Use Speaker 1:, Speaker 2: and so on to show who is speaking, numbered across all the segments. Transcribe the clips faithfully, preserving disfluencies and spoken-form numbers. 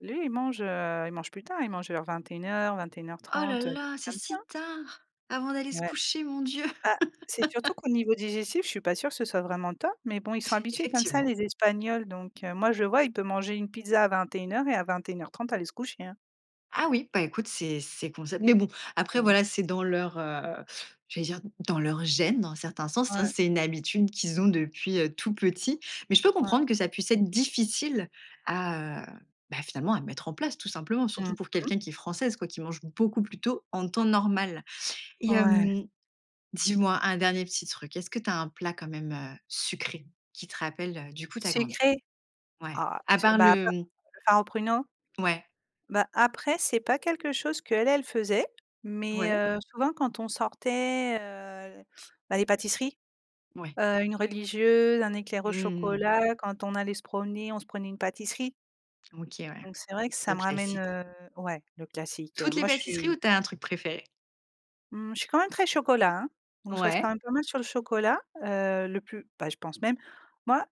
Speaker 1: Lui, il mange, heu, il mange plus tard, il mange vers vingt-et-une heures-vingt-et-une heures
Speaker 2: Oh là
Speaker 1: trente, des
Speaker 2: là,
Speaker 1: trucs
Speaker 2: c'est
Speaker 1: comme ça,
Speaker 2: si
Speaker 1: hein.
Speaker 2: tard avant d'aller se
Speaker 1: Ouais.
Speaker 2: coucher, mon Dieu.
Speaker 1: Bah, c'est surtout qu'au niveau digestif, je suis pas sûre que ce soit vraiment top, mais bon, ils sont habitués comme ça
Speaker 2: Effectivement.
Speaker 1: les espagnols, donc, heu, moi je vois, il peut manger une pizza à vingt-et-une heures et à vingt-et-une heures trente aller se coucher, hein.
Speaker 2: Ah oui, bah écoute, c'est c'est concept, mais bon, après
Speaker 1: Mmh.
Speaker 2: voilà, c'est dans leur, heu, j'allais dire dans leurs gênes, dans un certains sens. Hein,
Speaker 1: Ouais.
Speaker 2: c'est une habitude qu'ils ont depuis, heu, tout petit, mais je peux
Speaker 1: Ouais.
Speaker 2: comprendre que ça puisse être difficile à, heu, bah, finalement à mettre en place, tout simplement, surtout
Speaker 1: Mmh
Speaker 2: pour
Speaker 1: mh.
Speaker 2: quelqu'un qui est française, quoi, qui mange beaucoup plus tôt en temps normal. Et
Speaker 1: Ouais.
Speaker 2: hem, dis moi un dernier petit truc, est ce que tu as un plat quand même, heu, sucré qui te rappelle, heu, du coup, ta grand mère?
Speaker 1: Sucré
Speaker 2: Ouais,
Speaker 1: ah,
Speaker 2: à
Speaker 1: s
Speaker 2: part
Speaker 1: bah, à
Speaker 2: le
Speaker 1: part
Speaker 2: mmh.
Speaker 1: le far aux pruneaux
Speaker 2: Ouais.
Speaker 1: bah, après, c'est pas quelque chose qu'elle, elle faisait mais,
Speaker 2: Ouais.
Speaker 1: heu, souvent quand on sortait, heu, bah, les pâtisseries,
Speaker 2: Ouais.
Speaker 1: heu, une religieuse, un éclair au
Speaker 2: Mmh mh.
Speaker 1: chocolat, quand on allait se promener, on se prenait une pâtisserie
Speaker 2: OK ouais,
Speaker 1: donc c'est vrai que ça
Speaker 2: le
Speaker 1: me ramène,
Speaker 2: classique.
Speaker 1: heu, ouais, le classique, heu,
Speaker 2: Toutes les
Speaker 1: moi je
Speaker 2: pâtisseries
Speaker 1: suis
Speaker 2: où tu as un truc préféré?
Speaker 1: mmh, je suis quand même très chocolat, hein, donc je reste quand
Speaker 2: Ouais.
Speaker 1: même pas mal sur le chocolat, heu, le plus, bah, je pense même, moi,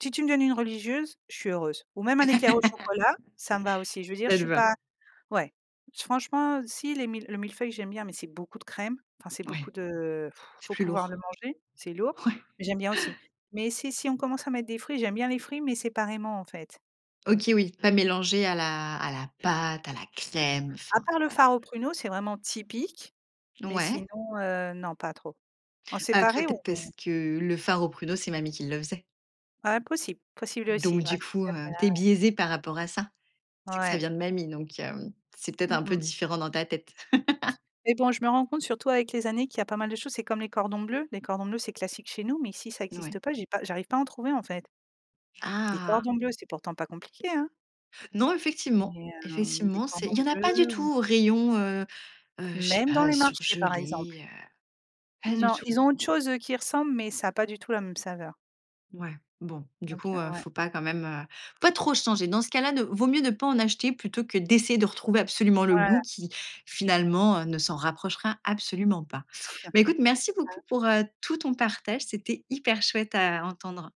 Speaker 1: si tu me donnes une religieuse, je suis heureuse ou même un éclair au chocolat, ça me va aussi. Je veux dire, je suis
Speaker 2: [unintelligible]
Speaker 1: pas ouais. Franchement, si les mille le mille-feuille, j'aime bien, mais c'est beaucoup de crème, enfin, c'est beaucoup
Speaker 2: Ouais
Speaker 1: de,
Speaker 2: c'est
Speaker 1: faut
Speaker 2: plus
Speaker 1: pouvoir le
Speaker 2: lourd.
Speaker 1: manger, c'est lourd,
Speaker 2: Ouais.
Speaker 1: mais j'aime bien aussi. Mais, c'est si on commence à mettre des fruits, j'aime bien les fruits, mais séparément, en fait.
Speaker 2: OK oui, pas mélangé à la à la pâte à la crème,
Speaker 1: À
Speaker 2: enfin,
Speaker 1: part le
Speaker 2: voilà.
Speaker 1: far aux pruneau, c'est vraiment typique, mais sinon,
Speaker 2: Ouais.
Speaker 1: heu, non pas trop. En
Speaker 2: Bah après,
Speaker 1: séparer
Speaker 2: peut-être parce
Speaker 1: ou?
Speaker 2: que le far aux pruneaux, c'est mamie qui le faisait
Speaker 1: Heu, possible, possible
Speaker 2: donc
Speaker 1: aussi. Ouais
Speaker 2: du
Speaker 1: c'est
Speaker 2: coup,
Speaker 1: sûr
Speaker 2: heu,
Speaker 1: que
Speaker 2: tu es
Speaker 1: là.
Speaker 2: biaisée par rapport à ça. C'est que ça
Speaker 1: Ouais.
Speaker 2: vient de mamie, donc, hem, c'est peut-être
Speaker 1: Mmh
Speaker 2: un peu
Speaker 1: mh.
Speaker 2: différent dans ta tête.
Speaker 1: Mais bon, je me rends compte surtout avec les années qu'il y a pas mal de choses, c'est comme les cordons bleus, les cordons bleus c'est classique chez nous, mais ici ça
Speaker 2: N ouais.
Speaker 1: existe pas, j'ai pas j'arrive pas à en trouver, en fait des
Speaker 2: Ah!
Speaker 1: cordons bleus, c'est pourtant pas compliqué, hein
Speaker 2: Non, effectivement,
Speaker 1: mais, heu, des
Speaker 2: effectivement, c'est
Speaker 1: cordons
Speaker 2: il y en a pas du
Speaker 1: bleus? Ou
Speaker 2: tout au rayon, heu, heu, je sais
Speaker 1: même dans
Speaker 2: pas,
Speaker 1: les marchés, par exemple.
Speaker 2: surgelé, heu, pas du
Speaker 1: Non,
Speaker 2: tout.
Speaker 1: ils ont autre chose, eux, qui y ressemble, mais ça a pas du tout la même saveurèè
Speaker 2: Ouais, bon, du
Speaker 1: donc,
Speaker 2: coup,
Speaker 1: heu,
Speaker 2: heu,
Speaker 1: ouais.
Speaker 2: faut pas quand même, heu, pas trop changer. Dans ce cas là, ne vaut mieux ne pas en acheter plutôt que d'essayer de retrouver absolument le goût
Speaker 1: Voilà.
Speaker 2: qui finalement ne s'en rapprochera absolument pas. Beh écoute, merci
Speaker 1: C'est
Speaker 2: beaucoup
Speaker 1: ça.
Speaker 2: pour, heu, tout ton partage. C'était hyper chouette à entendre!